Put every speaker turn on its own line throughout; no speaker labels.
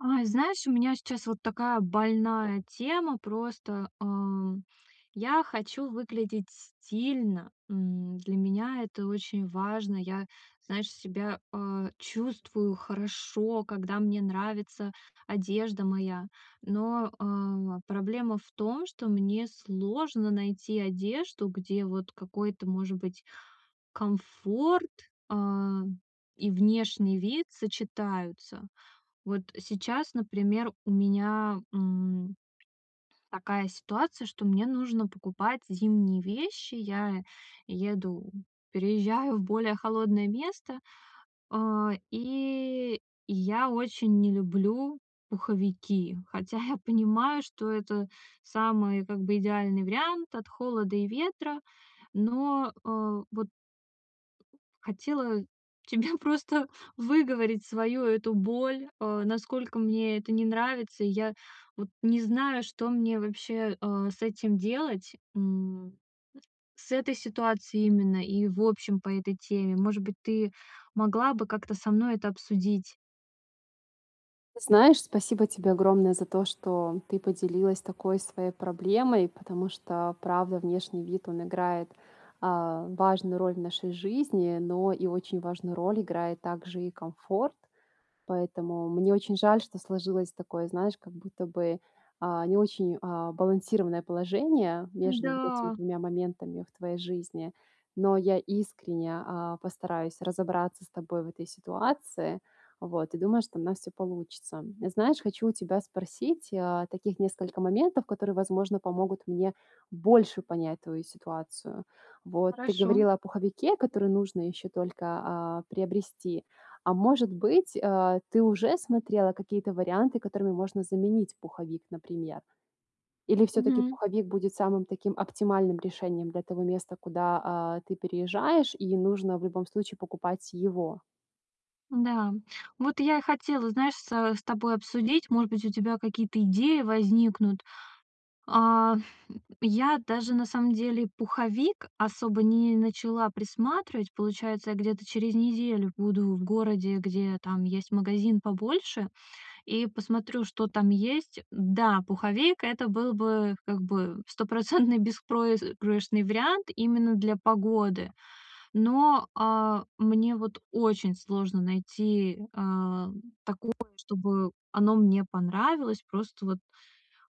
Ай! Знаешь, у меня сейчас вот такая больная тема, просто, э, я хочу выглядеть стильно. М, для меня это очень важно. Я, знаешь, себя, э, чувствую хорошо, когда мне нравится одежда моя. Но, э, проблема в том, что мне сложно найти одежду, где вот какой-то может быть комфорт, э, и внешний вид сочетаются. Вот сейчас, например, у меня, м, такая ситуация, что мне нужно покупать зимние вещи. Я еду переезжаю в более холодное место. Э, и я очень не люблю пуховики, хотя я понимаю, что это самый как бы идеальный вариант от холода и ветра. Но, э, вот Хотела тебе просто выговорить свою эту боль, э, насколько мне это не нравится. И я вот не знаю, что мне вообще, э, с этим делать. М, с этой ситуацией именно, и в общем, по этой теме. Может быть, ты могла бы как-то со мной это обсудить?
Знаешь, спасибо тебе огромное за то, что ты поделилась такой своей проблемой, потому что правда, внешний вид, он играет, а, важную роль в нашей жизни, но и очень важную роль играет также и комфорт. Поэтому мне очень жаль, что сложилось такое, знаешь, как будто бы, а, не очень, а, балансированное положение между вот этими
М-да.
двумя моментами в твоей жизни. Но я искренне, а, постараюсь разобраться с тобой в этой ситуации. Вот, и думаю, что у нас всё получится. Знаешь, хочу у тебя спросить, а, таких несколько моментов, которые, возможно, помогут мне больше понять твою ситуацию. Вот, ты
Хорошо.
говорила о пуховике, который нужно еще только, а, приобрести. А может быть, а, ты уже смотрела какие-то варианты, которыми можно заменить пуховик, например? Или всё-таки
Мгм.
пуховик будет самым таким оптимальным решением для того места, куда, а, ты переезжаешь, и нужно в любом случае покупать его?
Да, вот я и хотела, знаешь, со с тобой обсудить. Может быть, у тебя какие-то идеи возникнут, а Я даже на самом деле пуховик особо не начала присматривать. Получается, я где-то через неделю буду в городе, где там есть магазин побольше, и посмотрю, что там есть. Да, пуховейка это был бы, как бы, стопроцентный беспроигрышный вариант именно для погоды. Но, а, мне вот очень сложно найти, э, такое, чтобы оно мне понравилось. Просто вот,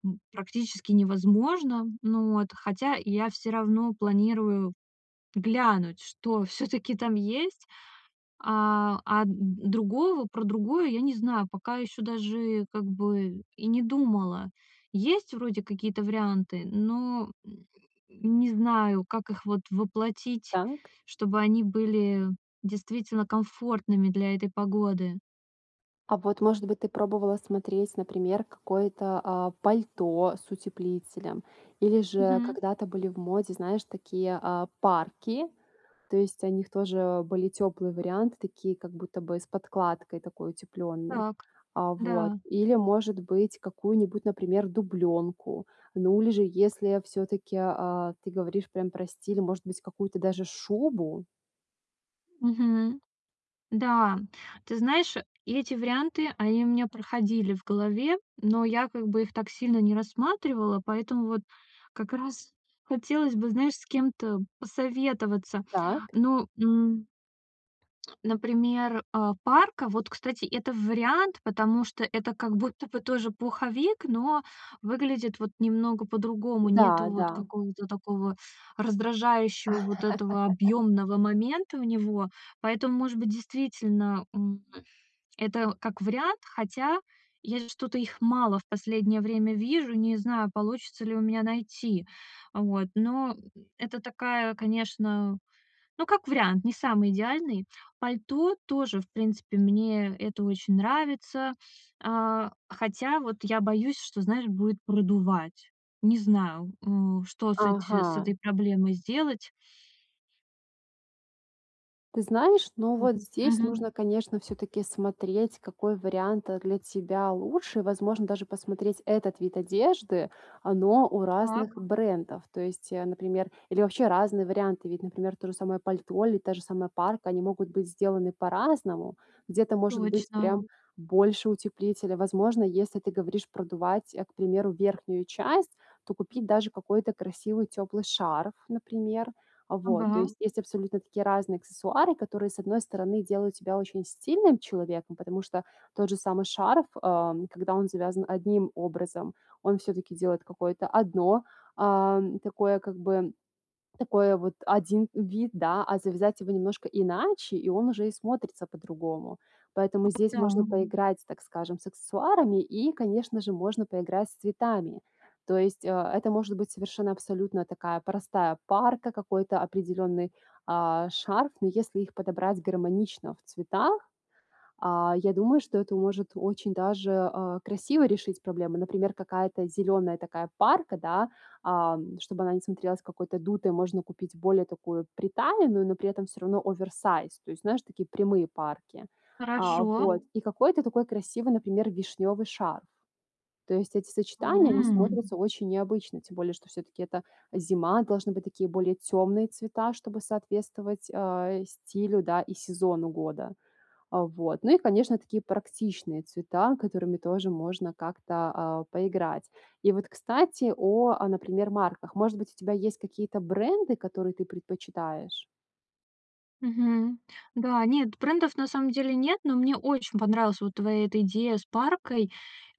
м, практически невозможно, ну, вот. Хотя, я всё равно планирую глянуть, что всё-таки там есть. А, а, д другую в про другое я не знаю. Пока ещё даже как бы и не думала. Есть вроде какие-то варианты, но, м, не знаю, как их вот воплотить,
Так.
чтобы они были действительно комфортными для этой погоды.
А вот, может быть, ты пробовала смотреть, например, какое-то, а, пальто с утеплителем? Или же
Мгм.
когда-то были в моде, знаешь, такие, а, парки? То есть, о них тоже были тёплые варианты, такие как будто бы с подкладкой такой утеплённой,
Так,
а, вот.
да.
Или может быть, какую-нибудь, например, дублёнку. Ну или же, если всё-таки, а, ты говоришь прям про стиль, может быть, какую-то даже шубу?
Мгм. Да, ты знаешь, эти варианты, они у меня проходили в голове, но я как бы их так сильно не рассматривала, поэтому вот как раз хотелось бы, знаешь, с кем-то посоветоваться.
Так.
Ну, м например, а, парка вот, кстати, это вариант, потому что это как будто бы тоже пуховик, но выглядит вот немного по-другому.
Да,
Нету вот
да.
какого-то такого раздражающего, вот этого объёмного момента у него. Поэтому, может быть, действительно, м, это как вариант. Хотя, я же что-то их мало в последнее время вижу, не знаю, получится ли у меня найти. Вот, но, м, это такая, конечно, ну, как вариант, не самый идеальный. Пальто тоже, в принципе, мне это очень нравится, а. Хотя вот я боюсь, что, знаешь, будет продувать. Не знаю, а, что с эти с
Ага.
этой проблемой сделать.
Ты знаешь, но,
М.
вот, здесь
Мгм.
нужно конечно всё-таки смотреть, какой вариант, э, для тебя лучше. И возможно, даже посмотреть этот вид одежды, а, но у разных
Так.
брендов. То есть, э, например, или вообще разные варианты. Ведь, например, то же самое пальто или та же самая парка, они могут быть сделаны по-разному. Где-то, может быть,
Точно.
прям больше утеплителя. Возможно, если ты говоришь продувать, э, к примеру, верхнюю часть, то купить даже какой-то красивый тёплый шарф, например. А вот, то
Ага.
есть, есть абсолютно такие разные аксессуары, которые, с одной стороны, делают тебя очень стильным человеком. Потому что, тот же самый шарф, э, когда он завязан одним образом, он всё-таки делает какое-то одно, ам, такое, как бы, такое, вот, 1 вид, да. А завязать его немножко иначе, и он уже и смотрится по-другому. Поэтому
Ну
здесь можно
да.
поиграть, так скажем, с аксессуарами и, конечно же, можно поиграть с цветами. То есть, э, это может быть совершенно, абсолютно, такая простая парка, какой-то определенный, а, шарф. Но если их подобрать гармонично в цветах, а, я думаю, что это может очень даже, а, красиво решить проблему. Например, какая-то зеленая такая парка, да, ам, чтобы она не смотрелась какой-то дутой, можно купить более такую приталенную, но при этом всё равно оверсайз. То есть, знаешь, такие прямые парки. А
Хорошо.
вот. И какой-то такой красивый, например, вишнёвый шарф. То есть, эти сочетания, они
М.
смотрятся очень необычно, тем более, что всё-таки это зима, должны быть такие более темные цвета, чтобы соответствовать, э, стилю, да, и сезону года. Э, вот. Ну и конечно, такие практичные цвета, которыми тоже можно как-то, а, поиграть. И, вот, кстати о, а, например, марках. Может быть, у тебя есть какие-то бренды, которые ты предпочитаешь?
Мгм. Да, нет, брендов на самом деле нет, но мне очень понравилась вот твоя эта идея с паркой.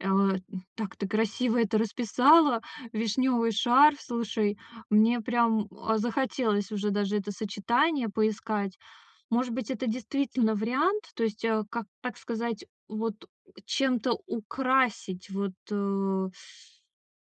А, э, так ты красиво это расписала. Вишнёвый шарф, слушай, мне прям, а, захотелось уже даже это сочетание поискать. Может быть, это действительно вариант? То есть, э, как, так сказать, вот, у, чем-то украсить вот, э.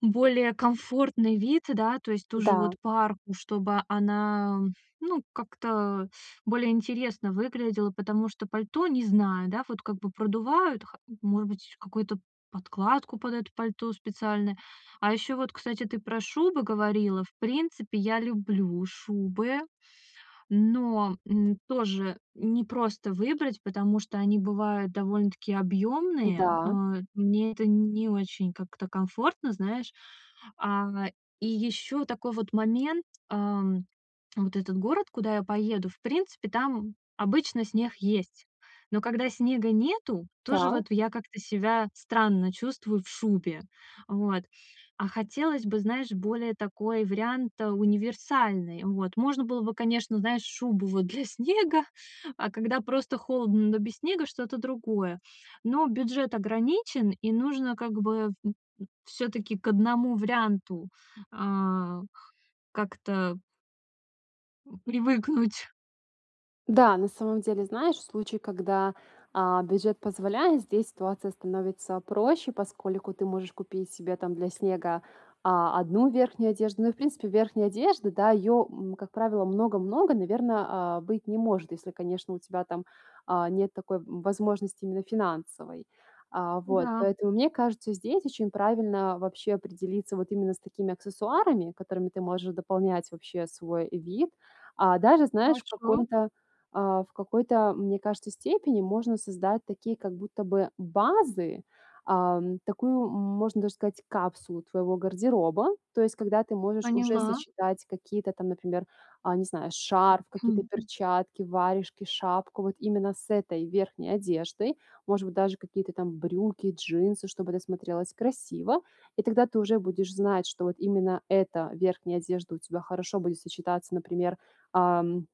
Более комфортный вид, да, то есть тоже, вот,
Да.
парку, чтобы она, ну, как-то, э, более интересно выглядела, потому что пальто, не знаю, да, вот как бы продувают ха может быть, какую-то подкладку под это пальто специальное. А ещё вот, кстати, ты про шубы говорила. В принципе, я люблю шубы, но, м, тоже непросто выбрать, потому что они бывают довольно-таки объёмные.
Да.
Э, мне это не очень, как-то, комфортно, знаешь. А и ещё такой, вот, момент, ам, вот этот город, куда я поеду, в принципе, там, обычно, снег есть. Но когда снега нету, тоже
Так.
вот в я как-то себя странно чувствую в шубе. Вот, а хотелось бы, знаешь, более такой вариант, э, универсальный. Вот, можно было бы, конечно, знаешь, шубу, вот, для снега, а когда просто холодно, но без снега- что-то другое. Но бюджет ограничен, и нужно как бы, м м, всё-таки к 1 варианту. А. Как-то М, привыкнуть.
Да, на самом деле, знаешь, в случае, когда, а, бюджет позволяет, здесь ситуация становится проще, поскольку ты можешь купить себе там для снега, а, одну верхнюю одежду. Ну и, в принципе, верхняя одежда, да, ее, м, как правило, много-много, наверно, а, быть не может, если, конечно, у тебя там, а, нет такой, м, возможности именно финансовой. А, вот,
Да.
поэтому, мне кажется, здесь очень правильно вообще определиться вот именно с такими аксессуарами, которыми ты можешь дополнять вообще свой вид, а. Даже, знаешь, в
Хорошо.
каком то а, в какой то, мне кажется, степени, можно создать такие как будто бы базы, ам, такую, м, можно даже сказать, капсулу твоего гардероба. То есть, когда ты можешь уже
Поняла.
сочетать какие то там, например, а, не знаю, шарф, какие-то перчатки, варежки, шапку вот именно с этой верхней одеждой, может быть, даже какие-то там брюки, джинсы, чтобы это смотрелось красиво. И тогда ты уже будешь знать, что вот именно эта верхняя одежда у тебя хорошо будет сочетаться, например, ам,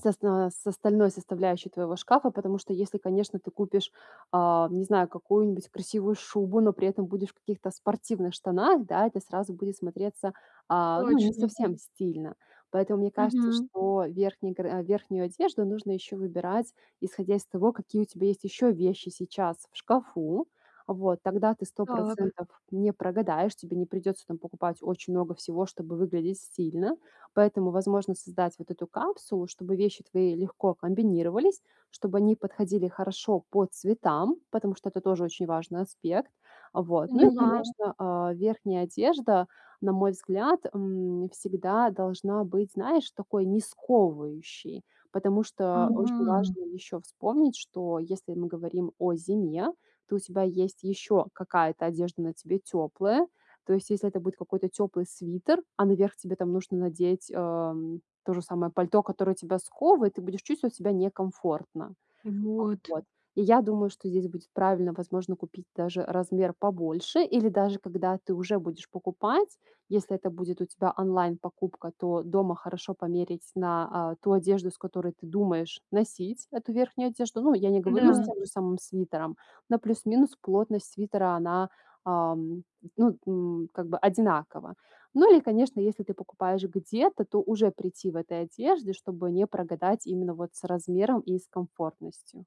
с оста с остальной составляющей твоего шкафа. Потому что если, конечно, ты купишь, а, не знаю, какую-нибудь красивую шубу, но при этом будешь в каких-то спортивных штанах, да, это сразу будет смотреться, а, ну, не
Точно.
совсем стильно. Поэтому мне кажется,
Мгм.
что верхний гар а, верхнюю одежду нужно еще выбирать исходя из того, какие у тебя есть еще вещи сейчас в шкафу. Вот тогда ты сто
Так.
процентов не прогадаешь, тебе не придется там покупать очень много всего, чтобы выглядеть стильно. Поэтому, возможно, создать вот эту капсулу, чтобы вещи твои легко комбинировались, чтобы они подходили хорошо по цветам, потому что это тоже очень важный аспект, а. Вот, ну и,
Поняла.
конечно, а, верхняя одежда, на мой взгляд, м, всегда должна быть, знаешь, такой не сковывающей, потому что очень
Ага.
важно еще вспомнить, что если мы говорим о зиме, то у тебя есть еще какая-то одежда на тебе теплая. То есть, если это будет какой то теплый свитер, а наверх тебе там нужно надеть, ам, то же самое пальто, которое тебя сковывает, ты будешь чувствовать себя некомфортно.
Вот.
Вот, и я думаю, что здесь будет правильно, возможно, купить даже размер побольше. Или даже когда ты уже будешь покупать, если это будет у тебя онлайн покупка, то дома хорошо померить на, а, ту одежду, с которой ты думаешь носить эту верхнюю одежду. Ну, я не говорю- с
Да.
тем же самым свитером, на плюс-минус плотность свитера она, э, м, ну, м, как бы одинакова. Ну, или, конечно, если ты покупаешь где-то, то уже прийти в этой одежде, чтобы не прогадать именно вот с размером и с комфортностью.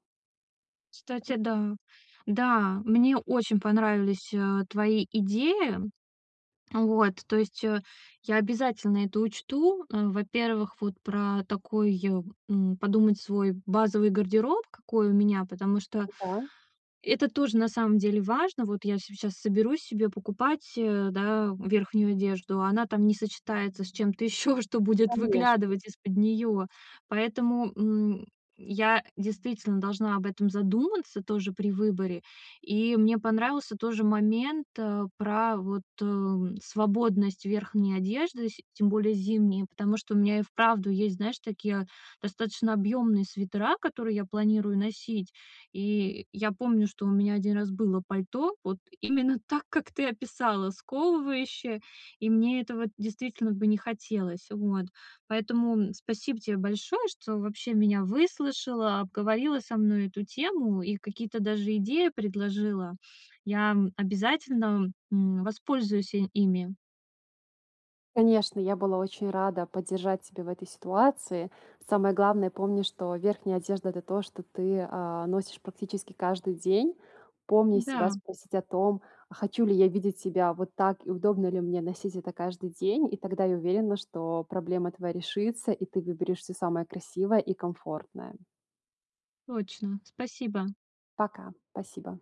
Кстати, да. Да, мне очень понравились, э, твои идеи. Э, вот, то есть, э, я обязательно это учту. Э, во-первых, вот про такой, м, подумать свой базовый гардероб, какой у меня, потому что
М-да.
это тоже на самом деле важно. Вот я сейчас соберусь себе покупать, э, да, верхнюю одежду, она там не сочетается с чем-то ещё, что будет
Конечно.
выглядывать из-под неё. Поэтому, м, я действительно должна об этом задуматься тоже при выборе. И мне понравился тоже момент, а, про, вот, эм, свободность верхней одежды, сь тем более зимней, потому что у меня и вправду есть, знаешь, такие достаточно объёмные свитера, которые я планирую носить. И я помню, что у меня 1 раз было пальто, вот именно так, как ты описала, сковывающее. И мне этого действительно бы не хотелось. Вот. Поэтому, м, спасибо те большое, что вообще меня выслушала, обговорила со мной эту тему и какие-то даже идеи предложила. Я, м, обязательно, м, воспользуюсь, э, ими.
Конечно, я была очень рада поддержать тебя в этой ситуации. Самое главное, помни, что верхняя одежда- это то, что ты, а, носишь практически каждый день. Помни себя,
Да.
спросить о том: "А хочу ли я видеть себя вот так и удобно ли мне носить это каждый день?" И тогда я уверена, что проблема твоя решится, и ты выберешь всё самое красивое и комфортное.
Точно, спасибо.
Пока, спасибо.